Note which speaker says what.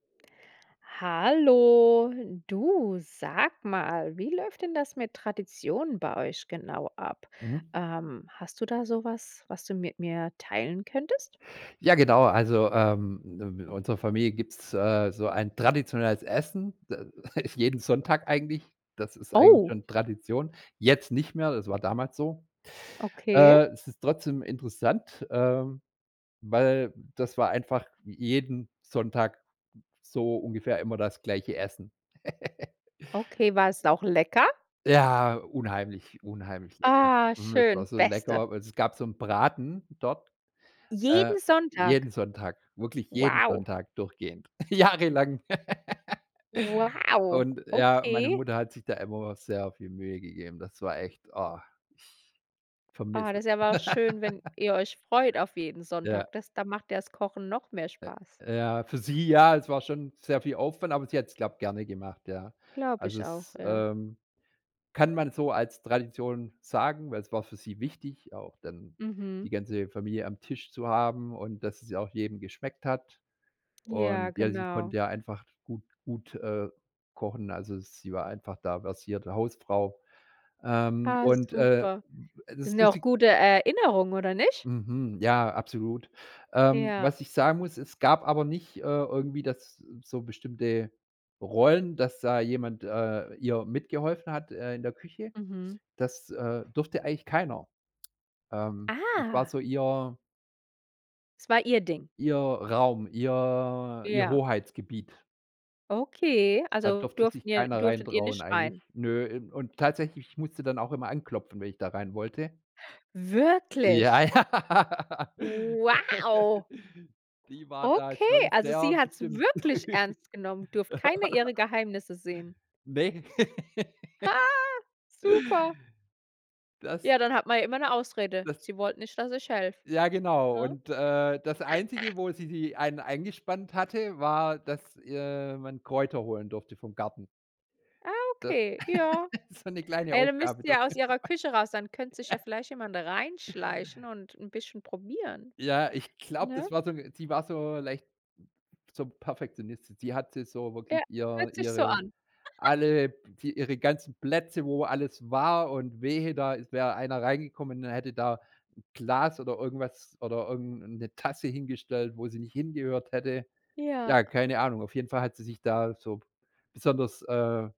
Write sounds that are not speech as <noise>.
Speaker 1: Hallo, du, sag mal, wie läuft denn das mit Traditionen bei euch genau ab?
Speaker 2: Mhm.
Speaker 1: Ähm, hast du da so was, was du mit mir teilen könntest?
Speaker 2: Ja genau, also, ähm, i in unserer Familie gibt's, äh, so ein traditionelles Essen. D ist jeden Sonntag eigentlich, das ist eigentlich
Speaker 1: Oh.
Speaker 2: schon Tradition. Jetzt nicht mehr, das war damals so.
Speaker 1: Okay.
Speaker 2: Äh, es ist trotzdem interessant, ähm, weil das war einfach j jeden Sonntag so ungefähr immer das gleiche Essen. <giggles>
Speaker 1: Okay, war es auch lecker?
Speaker 2: Ja, unheimlich, unheimlich lecker.
Speaker 1: Ah,
Speaker 2: Hm, es war
Speaker 1: schön,
Speaker 2: so
Speaker 1: beste.
Speaker 2: lecker, weil es gab so 'n Braten dort, äh,
Speaker 1: Jeden Sonntag?
Speaker 2: jeden Sonntag, wirklich jeden
Speaker 1: Wow.
Speaker 2: Sonntag durchgehend, jahrelang. <giggles>
Speaker 1: Wow,
Speaker 2: Und ja, meine
Speaker 1: okay.
Speaker 2: Mutter hat sich da immer sehr viel Mühe gegeben. Das war echt oh, ich
Speaker 1: Oh,
Speaker 2: vermisse es.
Speaker 1: das ist aber auch schön, wenn
Speaker 2: <laughs>
Speaker 1: ihr euch freut, auf jeden
Speaker 2: Ja.
Speaker 1: Sonntag. Das da macht ja das Kochen noch mehr Spaß.
Speaker 2: Äh, ja für sie ja, es war schon sehr viel Aufwand, aber sie hat es, glaube, gerne gemacht, ja.
Speaker 1: Glaube
Speaker 2: Also,
Speaker 1: ich auch,
Speaker 2: es
Speaker 1: ja.
Speaker 2: ähm, kann man so als Tradition sagen, weil es war für sie wichtig, auch dann die
Speaker 1: Mhm.
Speaker 2: ganze Familie am Tisch zu haben und dass es ja auch jedem geschmeckt hat.
Speaker 1: Ja,
Speaker 2: Und ja, sie
Speaker 1: genau.
Speaker 2: konnte ja einfach gut gut, äh, kochen, also, sie war einfach da versierte Hausfrau. Ähm,
Speaker 1: Ah,
Speaker 2: und, äh,
Speaker 1: super.
Speaker 2: d das
Speaker 1: Sind
Speaker 2: ist
Speaker 1: ja auch
Speaker 2: lustig
Speaker 1: gute Erinnerungen, oder nicht?
Speaker 2: Mhm, ja, absolut. Ähm,
Speaker 1: Ja.
Speaker 2: was ich sagen muss, es gab aber nicht, äh, irgendwie das so bestimmte Rollen, dass da jemand, äh, ihr mitgeholfen hat, äh, in der Küche.
Speaker 1: Mhm.
Speaker 2: Das, äh, durfte eigentlich keiner. Ähm, das war
Speaker 1: Ah.
Speaker 2: so ihr
Speaker 1: Es war ihr Ding?
Speaker 2: ihr Raum, ihr ihr
Speaker 1: Ja.
Speaker 2: Hoheitsgebiet.
Speaker 1: Okay,
Speaker 2: Da
Speaker 1: also,
Speaker 2: durfte sich
Speaker 1: durften ihr
Speaker 2: keiner rein
Speaker 1: durftet ihr
Speaker 2: trauen
Speaker 1: nicht
Speaker 2: eigentlich,
Speaker 1: rein?
Speaker 2: ne. In und tatsächlich, ich musste dann auch immer anklopfen, wenn ich da rein wollte. Ja,
Speaker 1: Wirklich?
Speaker 2: ja.
Speaker 1: Wow.
Speaker 2: <laughs> Die war da
Speaker 1: Okay,
Speaker 2: schon
Speaker 1: also,
Speaker 2: sehr
Speaker 1: sie hat's
Speaker 2: bestimmt.
Speaker 1: wirklich ernst genommen. Durfte keine ihrer
Speaker 2: <laughs>
Speaker 1: Geheimnisse sehen.
Speaker 2: Ne. <laughs>
Speaker 1: Ha, super.
Speaker 2: Das
Speaker 1: Ja, dann hat man ja immer 'ne Ausrede.
Speaker 2: das
Speaker 1: Sie wollte nicht, dass ich helfe,
Speaker 2: Ja genau,
Speaker 1: ne?
Speaker 2: und, äh, das Einzige,
Speaker 1: <giggles>
Speaker 2: wo sie die einen eingespannt hatte, war, dass, äh, man Kräuter holen durfte vom Garten.
Speaker 1: Ah,
Speaker 2: D
Speaker 1: okay, ja.
Speaker 2: <laughs> so 'ne kleine
Speaker 1: Ey, dann müsst
Speaker 2: Aufgabe
Speaker 1: ihr
Speaker 2: durfte
Speaker 1: aus
Speaker 2: man.
Speaker 1: ihrer Küche raus, dann könnte sich ja
Speaker 2: <giggles>
Speaker 1: vielleicht jemand reinschleichen und 'n bisschen probieren,
Speaker 2: Ja, ich glaube,
Speaker 1: ne?
Speaker 2: das war so 'n sie war so leicht so Perfektionistin. Sie hatte so wirklich
Speaker 1: Ja,
Speaker 2: ihr
Speaker 1: hört sich so
Speaker 2: ihre
Speaker 1: an. <giggles>
Speaker 2: alle die ihre ganzen Plätze, wo alles war und wehe, da ist wäre einer reingekommen und hätte da 'n Glas oder irgendwas oder irgend 'ne 'ne Tasse hingestellt, wo sie nicht hingehört hätte.
Speaker 1: Ja.
Speaker 2: Ja, keine Ahnung. Auf jeden Fall hat sie sich da so b besonders, äh